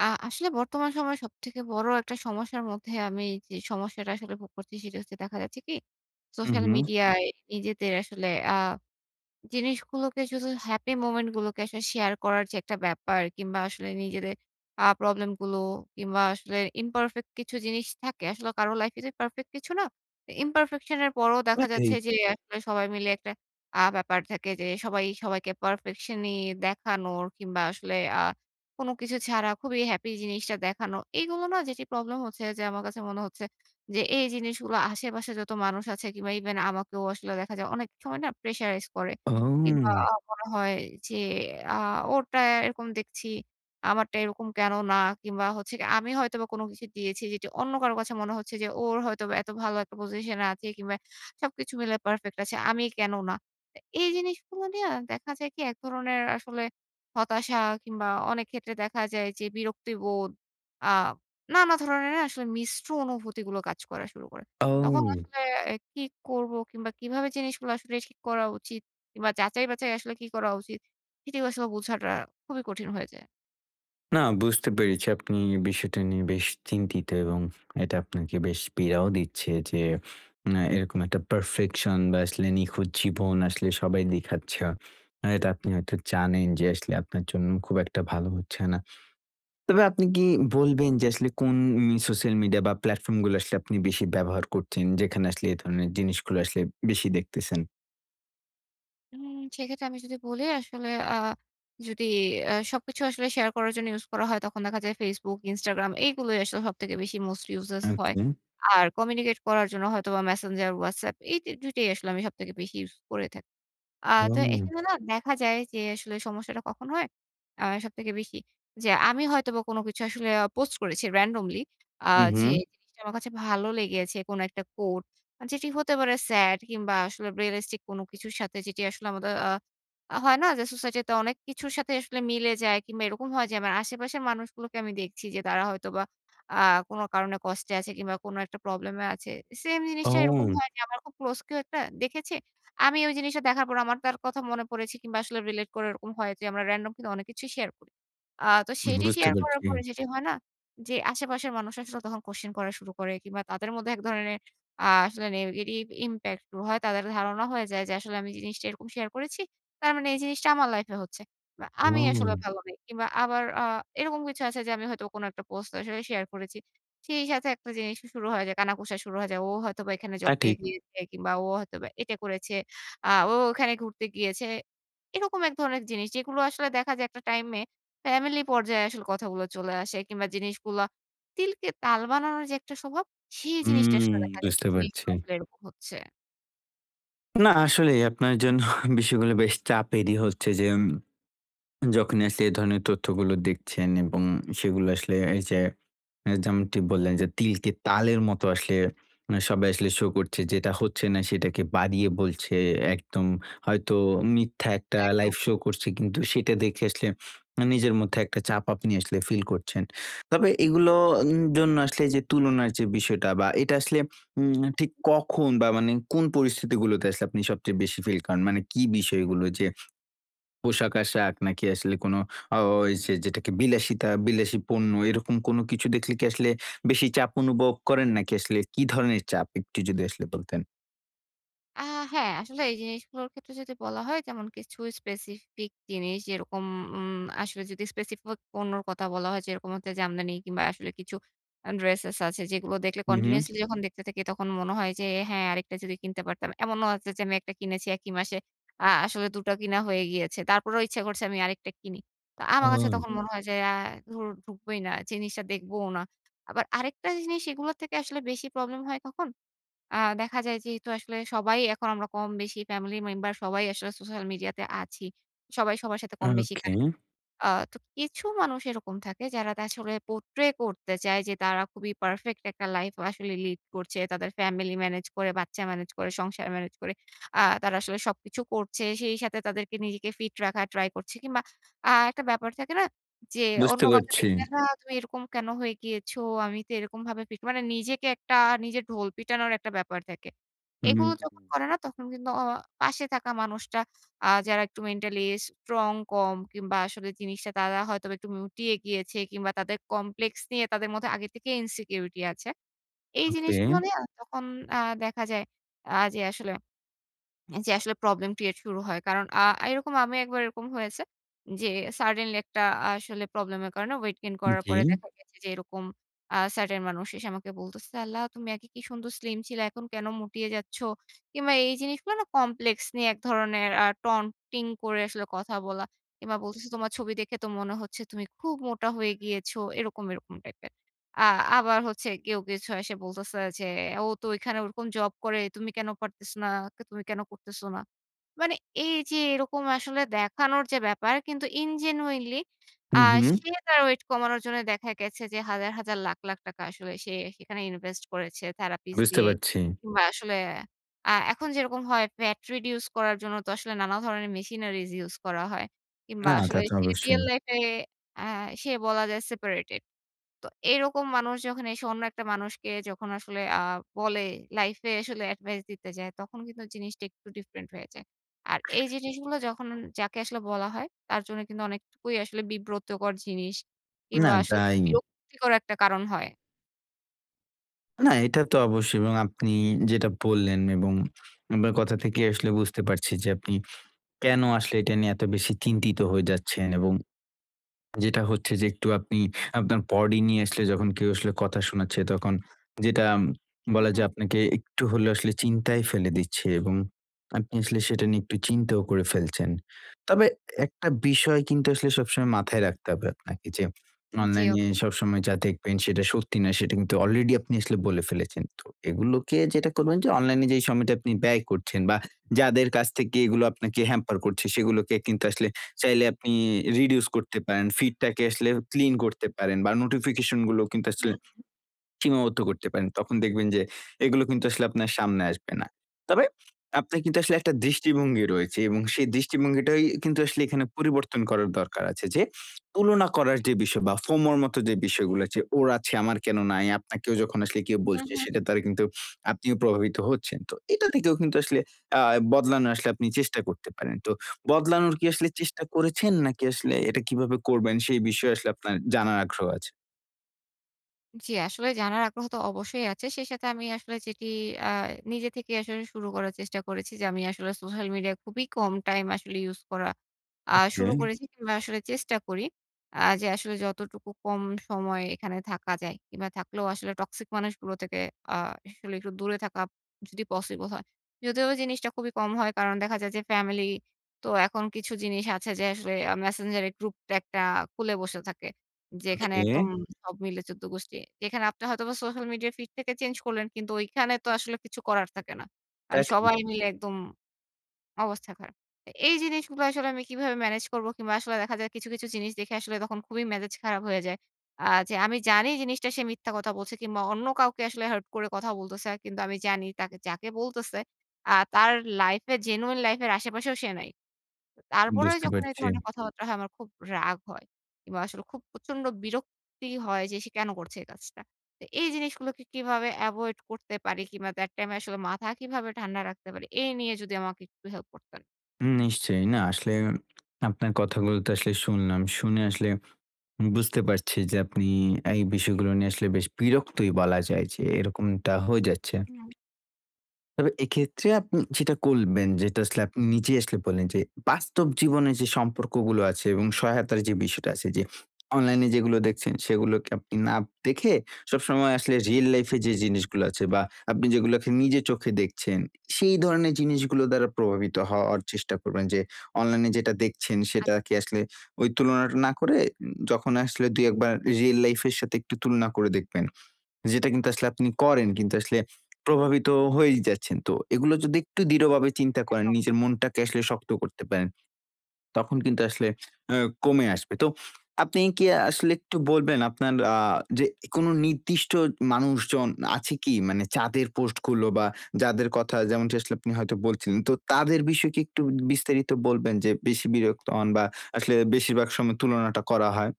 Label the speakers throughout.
Speaker 1: আ আসলে বর্তমান সময়ে সবথেকে বড় একটা সমস্যার মধ্যে আমি যে, সমস্যাটা আসলে ভোগ করছি সেটা হচ্ছে দেখা যাচ্ছে কি,
Speaker 2: হুম,
Speaker 1: সোশ্যাল
Speaker 2: হুম।
Speaker 1: মিডিয়ায় নিজেদের আসলে আ জিনিসগুলোকে শুধু happy moment গুলোকে আসলে শেয়ার করার যে, একটা ব্যাপার, কিংবা আসলে নিজেদের আ প্রবলেম গুলো কিংবা আসলে imperfect কিছু জিনিস থাকে। আসলে কারো লাইফ এ যে, perfect কিছু না। imperfection এর পরেও
Speaker 2: তা ও,
Speaker 1: দেখা যাচ্ছে
Speaker 2: ঠি।
Speaker 1: যে, একটা সবাই মিলে একটা আ ব্যাপার থাকে যে, সবাই, সবাইকে perfection ই দেখানোর কিংবা আসলে আ কোন কিছু ছাড়া খুবই হ্যাপি জিনিসটা দেখানো। এগুলো না যেটি প্রবলেম হচ্ছে যে, আমার কাছে মনে হচ্ছে যে, এই জিনিসগুলো আশেপাশে যত মানুষ আছে কিংবা ইভেন আমাকেও আসলে দেখা যায়। অনেক সময় না pressurized করে। কিংবা
Speaker 2: ও।
Speaker 1: মনে হয় যে, আ ওরটা এরকম দেখছি, আমারটা এরকম কেন না? কিংবা হচ্ছে গিয়ে, আমি হয়তোবা কোন কিছু দিয়েছি যেটি অন্য কারো কাছে মনে হচ্ছে যে, ওর হয়তো বা এত ভালো একটা পজিশন এ আছে কিংবা সবকিছু মিলে পারফেক্ট আছে। আমি কেন না? এ এই জিনিসগুলো নিয়ে দেখা যায় কি এক ধরনের আসলে, হতাশা কিংবা অনেক ক্ষেত্রে দেখা যায় যে, বিরক্তিবোধ, আ নানা ধরনের আসলে মিশ্র অনুভূতিগুলো কাজ করা শুরু করে। তখন
Speaker 2: ও।
Speaker 1: আসলে এ কি করবো কিংবা কিভাবে জিনিসগুলো আসলে ঠিক করা উচিত, কিংবা যাচাই-বাছাই আসলে কি করা উচিত। সেটিও আসলে বোঝাটা খুবই কঠিন হয়ে যায়।
Speaker 2: না বুঝতে পেরেছি। আপনি বিষয়টা নিয়ে বেশ চিন্তিত এবং এটা আপনাকে বেশ পীড়াও দিচ্ছে যে, না, এরকম একটা পারফেকশন বা আসলে নিখুঁত জীবন আসলে সবাই দেখাচ্ছে। এটা আপনি হয়তো জানেন যে, আসলে আপনার জন্য খুব একটা ভালো হচ্ছে না। তবে আপনি কি বলবেন যে, আসলে কোন উন সোশ্যাল মিডিয়া বা প্ল্যাটফর্ম গুলা আসলে আপনি বেশি ব্যবহার করছেন, যেখানে আসলে এ ধরনের জিনিসগুলা আসলে বেশি দেখতেছেন?
Speaker 1: উম সেক্ষেত্রে আমি যদি বলি আসলে আ যদি আ সবকিছু আসলে শেয়ার করার জন্য ইউজ করা হয়। তখন দেখা যায় Facebook, Instagram এগুলোই আসলে সবথেকে বেশি মোস্ট ইউজেস হয়।
Speaker 2: ওকে।
Speaker 1: আর কমিউনিকেট করার জন্য হয়তোবা Messenger, WhatsApp এই দু ২ টাই আসলে আমি সবথেকে বেশি ইউজ করে থাকি। আ তো
Speaker 2: ও।
Speaker 1: এখানে না দেখা যায় যে, আসলে সমস্যাটা কখন হয়? আ সবথেকে বেশি। যে, আমি হয়তোবা কোন কিছু আসলে আ পোস্ট করেছি রেনডমলি। আ
Speaker 2: হুম,
Speaker 1: যে,
Speaker 2: হুম।
Speaker 1: জিনিসটা আমার কাছে ভালো লেগেছে। কোন একটা quote যেটি হতে পারে স্যাড কিংবা আসলে রিয়ালিস্টিক কোন কিছুর সাথে যেটি আসলে আমাদের আ আ হয় না যে, সোসাইটিতে অনেক কিছুর সাথে আসলে মিলে যায় কিংবা এরকম হয় যে, আমার আশেপাশের মানুষগুলোকে আমি দেখছি যে, তারা হয়তোবা আ কোন কারণে কষ্টে আছে কিংবা কোন একটা প্রবলেেমে আছে। সেইম জিনিসটা এরকম
Speaker 2: ও।
Speaker 1: হয় যে, আমার খুব ক্লোজ কেউ একটা দেখেছে। আমি ওই জিনিসটা দেখার পর আমার তার কথা মনে পড়েছে কিংবা আসলে রিলেট করে এরকম হয় যে, আমরা রেনডম কিন্তু অনেক কিছুই শেয়ার করি। আ তো
Speaker 2: হুম,
Speaker 1: সেটি
Speaker 2: বুঝতে
Speaker 1: শেয়ার করার
Speaker 2: পারছি।
Speaker 1: পরে যেটি হয় না যে, আশেপাশের মানুষ আসলে তখন কোয়েশ্চেন করা শুরু করে কিংবা তাদের মধ্যে এক ধরনের আ আসলে negative impact গুলো হয় তাদের ধারণা হয়ে যায় যে, আসলে আমি জিনিসটা এরকম শেয়ার করেছি। তার মানে এই জিনিসটা আমার লাইফ এ হচ্ছে। বা আমি আসলে
Speaker 2: ও।
Speaker 1: ভালো নেই। কিংবা আবার আ এরকম কিছু আছে যে, আমি হয়তো কোনো একটা পোস্ট আসলে শেয়ার করেছি। সেই সাথে একটা জিনিস শুরু হয়ে যায়। কানাঘুষা শুরু হয়ে যায়। ও হয়তোবা এখানে
Speaker 2: তা
Speaker 1: জব পেয়ে
Speaker 2: ঠিক।
Speaker 1: গিয়েছে কিংবা ও হয়তোবা এটা করেছে, আ ও ওখানে ঘুরতে গিয়েছে। এরকম এক ধরনের জিনিস যেগুলো আসলে দেখা যায় একটা টাইম এ ফ্যামিলি পর্যায়ে আসলে কথাগুলো চলে আসে কিংবা জিনিসগুলো তিলকে তাল বানানোর যে, একটা স্বভাব, সেই জিনিসটা
Speaker 2: হুম,
Speaker 1: আসলে দেখা যায় যে,
Speaker 2: বুঝতে পারছি।
Speaker 1: জিনিসগুলো আসলে এরকম হচ্ছে।
Speaker 2: না আসলেই আপনার জন্য বিষয়গুলো বেশ চাপেরই হচ্ছে যে, উম যখন আসলে এ ধরনের তথ্যগুলো দেখছেন এবং সেগুলো আসলে এই যে, আ যেমনটি বললেন যে, তিলকে তালের মতো আসলে, সবাই আসলে শো করছে যেটা হচ্ছে না সেটাকে বাড়িয়ে বলছে একদম হয়তো মিথ্যা একটা লাইভ
Speaker 1: একদম।
Speaker 2: শো করছে কিন্তু সেটা দেখে আসলে আ নিজের মধ্যে একটা চাপ আপনি আসলে ফিল করছেন। তবে এগুলো উম জন্য আসলে যে, তুলনার যে, বিষয়টা বা এটা আসলে উম ঠিক কখন বা মানে কোন পরিস্থিতি গুলোতে আসলে আপনি সবচেয়ে বেশি ফিল করেন? মানে কি বিষয়গুলো যে, পোশাক-আশাক নাকি আসলে কোন অ ওই যে, যেটাকে বিলাসিতা, বিলাসী পণ্য এরকম কোন কিছু দেখলে কি আসলে বেশি চাপ অনুভব করেন নাকি আসলে কি ধরনের চাপ একটু যদি আসলে বলতেন।
Speaker 1: আ হ্যাঁ, আসলে এই জিনিস গুলোর ক্ষেত্রে যদি বলা হয় যেমন কিছু specific জিনিস যেরকম উম আসলে যদি specific পণ্যর কথা বলা হয় যেরকম হচ্ছে জামদানি কিংবা আসলে কিছু আ ড্রেসেস আছে যেগুলো দেখলে
Speaker 2: হুম, হুম।
Speaker 1: কন্টিনিউয়াসলি যখন দেখতে থাকি তখন মনে হয় যে, হ্যাঁ, আরেকটা যদি কিনতে পারতাম। এমনও আছে যে, আমি একটা কিনেছি একই মাসে। আ আসলে ২ টা কিনা হয়ে গিয়েছে। তারপরেও ইচ্ছা করছে আমি আরেকটা কিনি। তা আমার কাছে
Speaker 2: হুম।
Speaker 1: তখন মনে হয় যে, আ ধুর ঢুকবই না, জিনিসটা দেখবোও না। আবার আরেকটা জিনিস এগুলার থেকে আসলে বেশি প্রবলেম হয় কখন? আ দেখা যায় যেহেতু আসলে সবাই এখন আমরা কম বেশি ফ্যামিলি মেম্বার সবাই আসলে সোশ্যাল মিডিয়া তে আছি। সবাই সবার সাথে কম বেশি
Speaker 2: ওকে।
Speaker 1: কানেক্টেড। আ তো কিছু মানুষ এরকম থাকে যারা তা আসলে portray করতে চায়, যে, তারা খুবই পারফেক্ট একটা লাইফ আসলে লিড করছে। তাদের ফ্যামিলি মেনেজ করে, বাচ্চা মেনেজ করে, সংসার মেনেজ করে। আ তারা আসলে সবকিছু করছে। সেই সাথে তাদেরকে নিজেকে ফিট রাখার ট্রাই করছে। কিংবা, আ একটা ব্যাপার থাকে না? যে, অন্য
Speaker 2: বুঝতে
Speaker 1: কাউকে
Speaker 2: পারছি।
Speaker 1: দেখলে না তুমি এরকম কেন হয়ে গিয়েছো? আমি তো এরকম ভাবে ফিট মানে নিজেকে একটা নিজে ঢোল পিটানোর একটা ব্যাপার থাকে। এগুলো যখন
Speaker 2: হুম।
Speaker 1: করে না তখন কিন্তু অ পাশে থাকা মানুষটা আ যারা একটু মেন্টালি স্ট্রং কম কিংবা আসলে জিনিসটা তারা হয়তো একটু মুটিয়ে গিয়েছে কিংবা তাদের complex নিয়ে তাদের মধ্যে আগে থেকেই insecurity আছে। এই জিনিসগুলা
Speaker 2: ওকে।
Speaker 1: নিয়া তখন অ্যা দেখা যায়, আ যে, আসলে, অ্যা যে, আসলে প্রবলেম ক্রিয়েট শুরু হয়। কারণ আ এরকম আমি একবার এরকম হয়েছে, যে, suddenly একটা আ আসলে প্রবলেম এর কারণে ওয়েট গেইন করার
Speaker 2: জি।
Speaker 1: পরে দেখা গেছে যে, এরকম আ certain মানুষ এসে আমাকে বলতেছে "আল্লাহ! তুমি আগে কি সুন্দর স্লিম ছিলা, এখন কেন মুটিয়ে যাচ্ছ?" কিংবা এই জিনিসগুলো না complex নিয়ে এক ধরনের আ টন-টিং করে আসলে কথা বলা। কিংবা বলতেছে "তোমার ছবি দেখে তো মনে হচ্ছে তুমি খুব মোটা হয়ে গিয়েছো।" এরকম, এরকম টাইপের। আ আবার হচ্ছে কেউ কিছু আইসে বলতেছে যে, "ও তো ঐখানে ওরকম জব করে। তুমি কেন পারতেছ না? কে তুমি কেন করতেছ না?" মানে এই যে, এরকম আসলে দেখানোর যে, ব্যাপার কিন্তু in genuinely আ
Speaker 2: হুম, হুম।
Speaker 1: সে তার ওয়েট কমানোর জন্য দেখা গেছে যে, হাজার, হাজার লাখ, লাখ টাকা আসলে সে সেখানে ইনভেস্ট করেছে, therapies
Speaker 2: বুঝতে
Speaker 1: দিয়ে।
Speaker 2: পারছি।
Speaker 1: কিংবা আসলে আ এখন যেরকম হয় fat reduction করার জন্য তো আসলে নানা ধরনের machineries use করা হয়। কিংবা
Speaker 2: না, তা
Speaker 1: আসলে
Speaker 2: তো
Speaker 1: সে রিয়াল
Speaker 2: অবশ্যই।
Speaker 1: লাইফে অ্যা সে বলা যায় সেপারেটেড। তো এরকম মানুষ যখন এসে অন্য একটা মানুষকে যখন আসলে আ বলে লাইফ এ আসলে এডভাইস দিতে যায় তখন কিন্তু জিনিসটা একটু ডিফারেন্ট হয়ে যায়। আর এই জিনিসগুলো যখন যাকে আসলে বলা হয় তার জন্য কিন্তু অনেকটুকুই আসলে বিব্রতকর জিনিস
Speaker 2: না,
Speaker 1: কিংবা আসলে
Speaker 2: তাই।
Speaker 1: বিরক্তিকর একটা কারণ হয়।
Speaker 2: না, এটা তো অবশ্যই এবং আপনি যেটা বললেন এবং আপনার কথা থেকে আসলে বুঝতে পারছি যে, আপনি কেন আসলে এটা নিয়ে এত বেশি চিন্তিত হয়ে যাচ্ছেন এবং যেটা হচ্ছে যে, একটু আপনি আপনার বডি নিয়ে আসলে যখন কেউ আসলে কথা শোনাচ্ছে তখন যেটা
Speaker 1: হুম,
Speaker 2: বলা
Speaker 1: হুম।
Speaker 2: যায় আপনাকে একটু হলেও আসলে চিন্তায় ফেলে দিচ্ছে এবং আপনি আসলে সেটা নিয়ে একটু চিন্তাও করে ফেলছেন। তবে একটা বিষয় কিন্তু আসলে সবসময় মাথায় রাখতে হবে আপনাকে যে,
Speaker 1: জি,
Speaker 2: অনলাইনে
Speaker 1: অবশ্যই।
Speaker 2: সবসময় যা দেখবেন সেটা সত্যি না সেটা কিন্তু অলরেডি আপনি আসলে বলে ফেলেছেন। তো এগুলোকে যেটা করবেন যে, অনলাইনে যে, সময়টা আপনি ব্যয় করছেন বা যাদের কাছ থেকে এগুলো আপনাকে হ্যাম্পার করছে সেগুলোকে কিন্তু আসলে চাইলে আপনি reduce করতে পারেন, ফিডটাকে আসলে ক্লিন করতে পারেন বা নোটিফিকেশন গুলো কিন্তু আসলে
Speaker 1: হ্যাঁ।
Speaker 2: সীমাবদ্ধ করতে পারেন। তখন দেখবেন যে, এগুলো কিন্তু আসলে আপনার সামনে আসবে না। তবে আপনার কিন্তু আসলে একটা দৃষ্টিভঙ্গি রয়েছে এবং সেই দৃষ্টিভঙ্গিটাই কিন্তু আসলে এখানে পরিবর্তন করার দরকার আছে যে, তুলনা করার যে, বিষয় বা FOMO র মত যে, বিষয়গুলো আছে ওর আছে আমার কেন নাই, আপনাকেও যখন আসলে কেউ
Speaker 1: হুম,
Speaker 2: বলছে
Speaker 1: হুম।
Speaker 2: সেটার দারা কিন্তু আপনিও প্রভাবিত হচ্ছেন। তো এটা থেকেও কিন্তু আসলে আ বদলানো আসলে আপনি চেষ্টা করতে পারেন। তো বদলানোর কি আসলে চেষ্টা করেছেন নাকি আসলে এটা কিভাবে করবেন সেই বিষয়ে আসলে আপনার জানার আগ্রহ আছে?
Speaker 1: জী, আসলে জানার আগ্রহ তো অবশ্যই আছে। সেই সাথে আমি আসলে যেটি আ নিজে থেকেই আসলে শুরু করার চেষ্টা করেছি যে, আমি আসলে সোশ্যাল মিডিয়া খুবই কম টাইম আসলে ইউজ করা আ
Speaker 2: ওকে।
Speaker 1: শুরু করেছি কিংবা আসলে চেষ্টা করি। আ যে, আসলে যতটুকু কম সময় এখানে থাকা যায় কিংবা, থাকলেও আসলে টক্সিক মানুষগুলো থেকে আ আসলে একটু দূরে থাকা যদি পসিবল হয়। যদিও বা, জিনিসটা খুবই কম হয়। কারণ দেখা যায় যে, ফ্যামিলি তো এখন কিছু জিনিস আছে যে, আসলে আ Messenger এ গ্রুপ একটা খুলে বসে থাকে। যেখানে
Speaker 2: ওকে।
Speaker 1: একদম সব মিলে ১৪ গোষ্ঠী যেখানে আপনি হয়তোবা সোশ্যাল মিডিয়া ফিড থেকে চেঞ্জ করলেন, কিন্তু ঐখানে তো আসলে কিছু করার থাকে না
Speaker 2: তা
Speaker 1: কারণ
Speaker 2: ঠিক।
Speaker 1: সবাই মিলে একদম অবস্থা খারাপ। আ এই জিনিসগুলা আসলে আমি কিভাবে ম্যানেজ করবো? কিংবা আসলে দেখা যায় কিছু, কিছু জিনিস দেখে আসলে তখন খুবই মেজাজ খারাপ হয়ে যায়। আ যে, আমি জানি জিনিসটা সে মিথ্যা কথা বলছে কিংবা, অন্য কাউকে আসলে হার্ট করে কথা বলতেছে। কিন্তু আমি জানি তাকে যাকে বলতেছে আ তার লাইফে genuine life এর আশেপাশেও সে নাই। ত তারপরেও
Speaker 2: বুঝতে
Speaker 1: যখন এ
Speaker 2: পারছি।
Speaker 1: ধরনের কথাবার্তা হয় আমার খুব রাগ হয়। কিংবা আসলে খুব প্রচন্ড বিরক্তি হয় যে, সে কেন করছে এই কাজটা? তা এই জিনিসগুলোকে কিভাবে এভয়েড করতে পারি? কিংবা, that time এ আসলে মাথা কিভাবে ঠান্ডা রাখতে পারি, এই নিয়ে যদি আমাকে একটু হেল্প করতেন।
Speaker 2: উ নিশ্চয়ই। না, আসলে আপনার কথাগুলোতে আসলে শুনলাম। শুনে আসলে উ বুঝতে পারছি, যে, আপনি এই বিষয়গুলো নিয়ে আসলে বেশ বিরক্তই বলা যায়, যে, এরকমটা হয়ে যাচ্ছে
Speaker 1: হুম।
Speaker 2: তবে এক্ষেত্রে আপনি যেটা করবেন যেটা আসলে আপনি নিজে আসলে বললেন, যে, বাস্তব জীবনের যে, সম্পর্কগুলো আছে, এবং সহায়তার যে, বিষয়টা আছে। যে, অনলাইনে যেগুলো দেখছেন, সেগুলোকে আপনি না দেখে, সবসময় আসলে রিয়াল লাইফ এ যে, জিনিসগুলো আছে বা আপনি যেগুলোকে নিজের চোখে দেখছেন, সেই ধরনের জিনিসগুলোর দ্বারা প্রভাবিত হওয়ার চেষ্টা করবেন। যে, অনলাইনে যেটা দেখছেন,
Speaker 1: আত
Speaker 2: সেটা কি আসলে ওই তুলনাটা না করে, উ যখন আসলে ২ ১ বার রিয়াল লাইফ এর সাথে একটু তুলনা করে দেখবেন। যেটা কিন্তু আসলে আপনি করেন, কিন্তু আসলে প্রভাবিত হয়েই যাচ্ছেন। তো এগুলো যদি একটু দৃঢ়ভাবে
Speaker 1: হুম,
Speaker 2: চিন্তা করেন,
Speaker 1: একদম।
Speaker 2: নিজের মনটাকে আসলে শক্ত করতে পারেন, তখন কিন্তু আসলে অ্যাঁ কমে আসবে। তো আপনি কি আসলে একটু বলবেন, আপনার আ যে, কোন নির্দিষ্ট মানুষজন আছে কি? মানে চাঁদের পোস্টগুলো, বা যাদের কথা যেমনটি আসলে আপনি হয়তো বলছিলেন। তো তাদের বিষয়ে কি একটু বিস্তারিত বলবেন? যে, বেশি বিরক্ত হন, বা আসলে বেশিরভাগ সময় তুলনাটা করা হয়?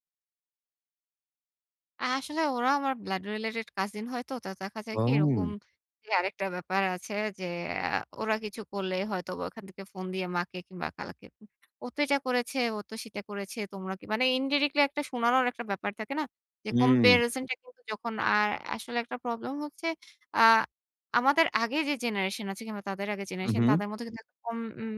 Speaker 1: আসলে ওরা আমার ব্লাড রিলেটেড কাজিন হয়তো। তো দেখা যায় কি? এরকম
Speaker 2: পাউন
Speaker 1: জি, আরেকটা ব্যাপার আছে যে, আ ওরা কিছু করলে, হয়তোবা ওখান থেকে ফোন দিয়ে মাকে কিংবা খালাকে উগ "ও তো এটা করেছে, ও তো সেটা করেছে। তোমরা কি।" মানে ইনডিরেক্টলি একটা শোনানোর একটা ব্যাপার থাকে না? যে,
Speaker 2: হুম।
Speaker 1: কম্পেয়ারিসন টা কিন্তু যখন আর আসলে একটা প্রবলেম হচ্ছে, আ আমাদের আগে যে, জেনারেশন আছে, কিংবা তাদের আগের
Speaker 2: হুম,
Speaker 1: জেনারেশন,
Speaker 2: হুম।
Speaker 1: তাদের মধ্যে কিন্তু এরকম উম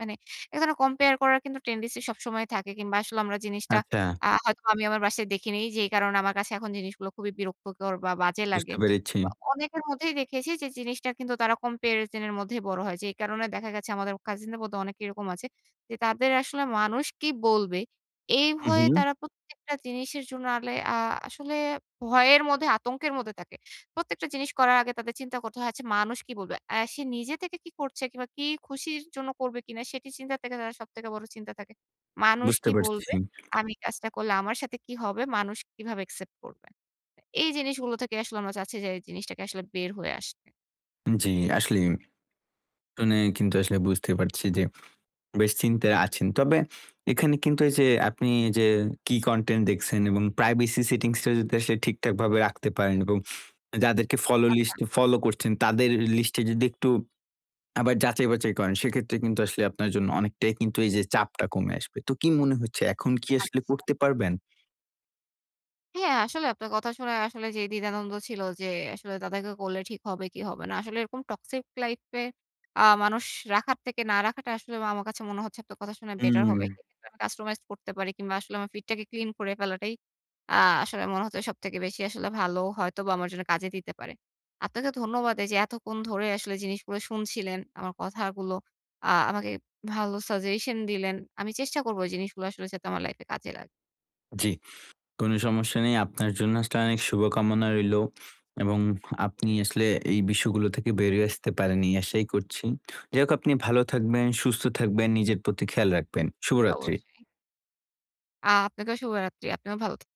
Speaker 1: মানে এক ধরনের কম্পেয়ার করার কিন্তু টেনডেন্সি সবসময় থাকে, কিংবা আসলে আমরা জিনিসটা
Speaker 2: আচ্ছা।
Speaker 1: আ হয়তোবা আমি আমার বাসায় দেখি নেই, যেই কারণে আমার কাছে এখন জিনিসগুলো খুবই বিরক্তকর, বা বাজে
Speaker 2: বুঝতে
Speaker 1: লাগে।
Speaker 2: পেরেছি।
Speaker 1: কিংবা অনেকের মধ্যেই দেখেছি, যে, জিনিসটা কিন্তু তারা কম্পেয়ারিসন এর মধ্যেই বড় হয়। যেই কারণে দেখা গেছে, আমাদের কাজিনদের মধ্যে অনেকেই এরকম আছে। যে, তাদের আসলে মানুষ কি বলবে, এই
Speaker 2: হুম,
Speaker 1: ভয়ে
Speaker 2: হুম।
Speaker 1: তারা প্রত্যেকটা জিনিসের জন্য আলে আ আসলে ভয়ের মধ্যে আতঙ্কের মধ্যে থাকে। প্রত্যেকটা জিনিস করার আগে তাদের চিন্তা করতে হয়, "আচ্ছা, মানুষ কি বলবে?" অ্যা সে নিজে থেকে কি করছে, কিংবা কি খুশির জন্য করবে কিনা, সেটি চিন্তার থেকে তারা সবথেকে বড় চিন্তা থাকে, "মানুষ
Speaker 2: বুঝতে
Speaker 1: কি
Speaker 2: পারছি।
Speaker 1: বলবে? আমি কাজটা করলে আমার সাথে কি হবে? মানুষ কিভাবে একসেপ্ট করবে?" এ এই জিনিসগুলো থেকে আসলে আমরা চাচ্ছি যে, এই জিনিসটাকে আসলে বের হয়ে আসতে।
Speaker 2: জ্বী, আসলেই। অনে কিন্তু আসলে বুঝতে পারছি যে, বেশ চিন্তায় আছেন। তবে এখানে কিন্তু এইযে আপনি যে, কী কনটেন্ট দেখছেন এবং প্রাইভেসি সেটিংসটা যদি আসলে ঠিকঠাকভাবে রাখতে পারেন। এরকম যাদেরকে ফলো
Speaker 1: আচ্ছা।
Speaker 2: লিস্টে ফলো করছেন, তাদের লিস্টে যদি একটু আবার যাচাই-বাচাই করেন, সেক্ষেত্রে কিন্তু আসলে আপনার জন্য অনেকটাই কিন্তু এইযে চাপটা কমে আসবে। তো কি মনে হচ্ছে এখন কি আসলে
Speaker 1: আচ্ছা।
Speaker 2: করতে পারবেন?
Speaker 1: হ্যাঁ, আসলে আপনার কথা শোনে আসলে যে, দ্বিধা-দ্বন্দ ছিল যে, আসলে তাদেরকে করলে ঠিক হবে কি হবে না? আসলে এরকম টক্সিক লাইফে আ মানুষ রাখার থেকে না রাখাটা আসলে বা আমার কাছে মনে হচ্ছে আপনার কথা শোনা বেটার হবে।
Speaker 2: হুম।
Speaker 1: [unintelligible] আমি customized করতে পারি কিংবা, আসলে আমার ফিডটাকে ক্লিন করে ফেলাটাই আ আসলে মনে হচ্ছে সবথেকে বেশি আসলে ভালো হয়তোবা আমার জন্য কাজে দিতে পারে। আপনাকে ধন্যবাদ এইযে এতক্ষণ ধরে আসলে জিনিসগুলো শুনছিলেন, আমার কথাগুলো, আ আমাকে ভালো সাজেশন দিলেন। আমি চেষ্টা করবো এই জিনিসগুলো আসলে যাতে আমার লাইফে কাজে লাগে।
Speaker 2: জ্বি। কোন সমস্যা নেই। আপনার জন্য আসলে অনেক শুভকামনা রইলো। এবং আপনি আসলে এই বিষয়গুলো থেকে বেরিয়ে আসতে পারেন এই আশাই করছি। যাই হোক আপনি ভালো থাকবেন, সুস্থ থাকবেন, নিজের প্রতি খেয়াল রাখবেন।
Speaker 1: জি,
Speaker 2: শুভরাত্রি।
Speaker 1: অবশ্যই। আ আপনাকেও শুভরাত্রি। আপনিও ভালো থাক